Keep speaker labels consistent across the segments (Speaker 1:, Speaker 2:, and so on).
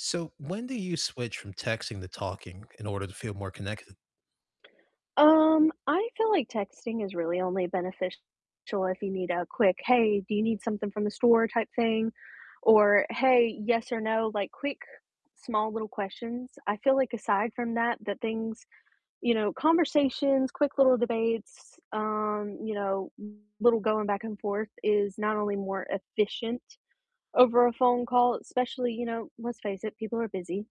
Speaker 1: So, when do you switch from texting to talking in order to feel more connected?
Speaker 2: Um, I feel like texting is really only beneficial if you need a quick, "Hey, do you need something from the store?" type thing, or, "Hey, yes or no?" Like quick, small little questions. I feel like aside from that, that things you know, conversations, quick little debates, um, you know, little going back and forth is not only more efficient over a phone call, especially you know, let's face it, people are busy,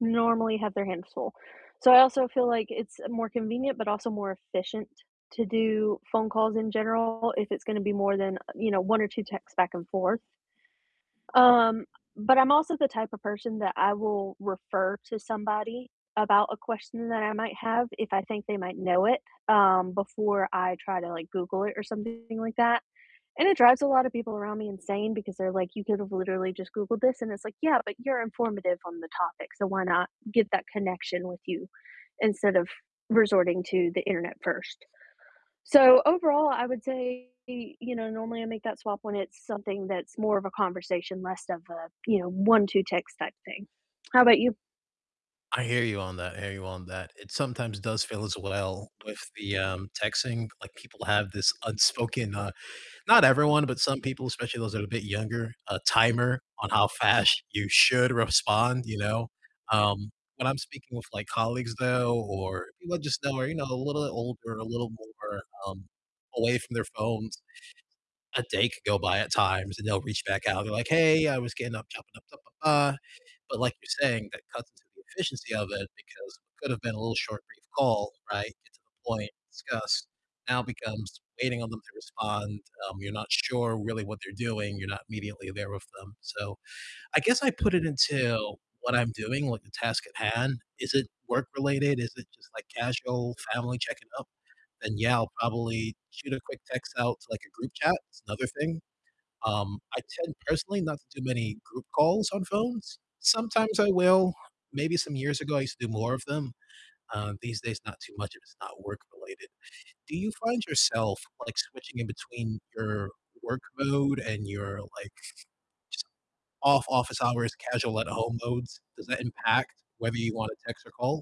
Speaker 2: normally have their hands full, so I also feel like it's more convenient, but also more efficient to do phone calls in general if it's gonna be more than, you know, 1 or 2 texts back and forth, um, but I'm also the type of person that I will refer to somebody about a question that I might have if I think they might know it, um, before I try to, like, Google it or something like that, and it drives a lot of people around me insane because they're like, "You could've literally just Googled this," and it's like, "Yeah, but you're informative on the topic, so why not get that connection with you instead of resorting to the internet first?" So, overall, I would say, you know, normally I make that swap when it's something that's more of a conversation, less of a, you know, 1, 2 text type thing. How about you?
Speaker 1: I hear you on that, I hear you on that, it sometimes does feel as well with the, um, texting, like, people have this unspoken, uh not everyone, but some people, especially those that are a bit younger, a timer on how fast you should respond, you know, um, when I'm speaking with, like, colleagues, though, or people I just know are, you know, a little bit older, a little more, um, away from their phones, a day could go by at times, and they'll reach back out and be like, "Hey, I was getting up," [unintelligible] but like you're saying, that cuts into the efficiency of it because what could've been a little short, brief call, right, get to the point, discuss, now becomes waiting on them to respond, um, you're not sure really what they're doing, you're not immediately there with them, so I guess I put it into what I'm doing, like, the task at hand. Is it work-related, is it just, like, casual family checking up? Then, yeah, I'll probably shoot a quick text out to, like, a group chat, that's another thing, um, I tend personally not to do many group calls on phones, sometimes I will, maybe some years ago I used to do more of them. Um, these days not too much if it's not work-related. Do you find yourself, like, switching in between your work mode and your, like, just off office hours, casual at-home modes? Does that impact whether you wanna text or call?